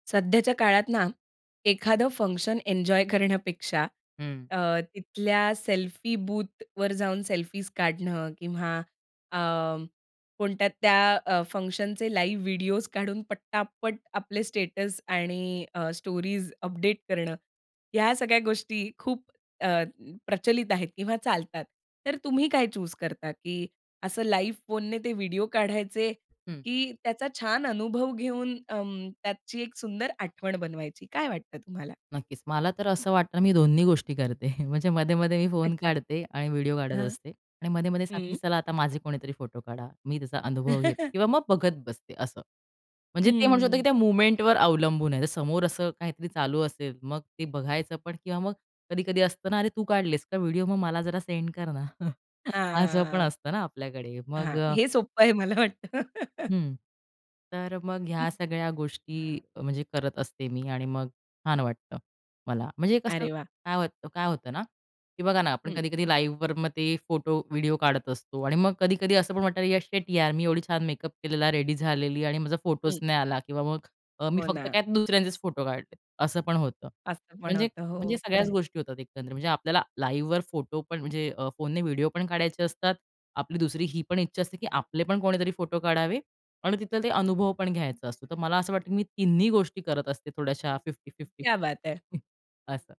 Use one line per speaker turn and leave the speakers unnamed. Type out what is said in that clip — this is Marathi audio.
सध्याच्या काळात ना, एखादं फंक्शन एन्जॉय करण्यापेक्षा
हं.
अ, तिथल्या सेल्फी बूथवर जाऊन सेल्फीज काढणं, किंवा अ, कोणत्या त्या अ, फंक्शनचे लाईव्ह व्हिडिओज काढून पटापट आपले स्टेटस आणि अ, स्टोरीज अपडेट करणं. ह्या सगळ्या गोष्टी खूप अ, प्रचलित आहेत किंवा चालतात. तर तुम्ही काय चूज करता? की असं लाईव्ह फोनने ते व्हिडिओ काढायचे,
हं.
की त्याचा छान अनुभव घेऊन अ, त्याची एक सुंदर आठवण बनवायची. काय वाटतं तुम्हाला?
नक्कीच, मला तर असं वाटतं मी दोन्ही गोष्टी करते. म्हणजे मध्ये-मध्ये मी फोन
अच्छा.
काढते, आणि व्हिडिओ काढत
हां,
असते. आणि मध्ये-मध्ये सांगते, की
हं.
"चला, आता माझे कोणीतरी फोटो काढा." मी त्याचा अनुभव घेते, किंवा मग बघत बसते. असं म्हणजे ते म्हणू शकतो, की
हं.
त्या मोमेंटवर अवलंबून आहे. तर समोर असं काहीतरी चालू असेल, मग ते बघायचं पण किंवा मग कधी-कधी असतं ना, "अरे, तू काढलेस का व्हिडिओ? मग मला जरा सेंड कर ना." असं पण
हां.
असतं ना, आपल्याकडे. मग
हां,
अ
हे सोप्पं आहे मला वाटतं.
हं. तर मग ह्या सगळ्या गोष्टी म्हणजे करत असते मी, आणि मग छान वाटतं मला. म्हणजे कसं,
अरे वाह!
काय वाटतं काय होतं ना, की बघा ना, आपण
हं.
कधी-कधी लाईव्हवर मग ते फोटो, व्हिडिओ काढत असतो. आणि मग कधी-कधी असं पण वाटतं, "या शिट यार, मी एवढी छान मेकअप केलेला, रेडी झालेली, आणि माझा फोटोच
हं.
नाही आला." किंवा मग अ, मी
हो
फक्त
ना.
काय, दुसऱ्यांचेच फोटो काढले, असं पण होतं.
असं पण
म्हणजे,
होतं.
म्हणजे
हो
सगळ्याच
खरंय.
गोष्टी होतात, एकंदरीत. म्हणजे आपल्याला लाईव्हवर फोटो पण म्हणजे अ, फोनने व्हिडिओ पण काढायचे असतात. आपली दुसरी ही पण इच्छा असते, की आपले पण कोणीतरी फोटो काढावे, आणि तिथला ते अनुभव पण घ्यायचा असतो. तर मला असं वाटतं की मी 3न्ही गोष्टी करत असते, थोड्याशा 50-50
क्या बात है!
असं.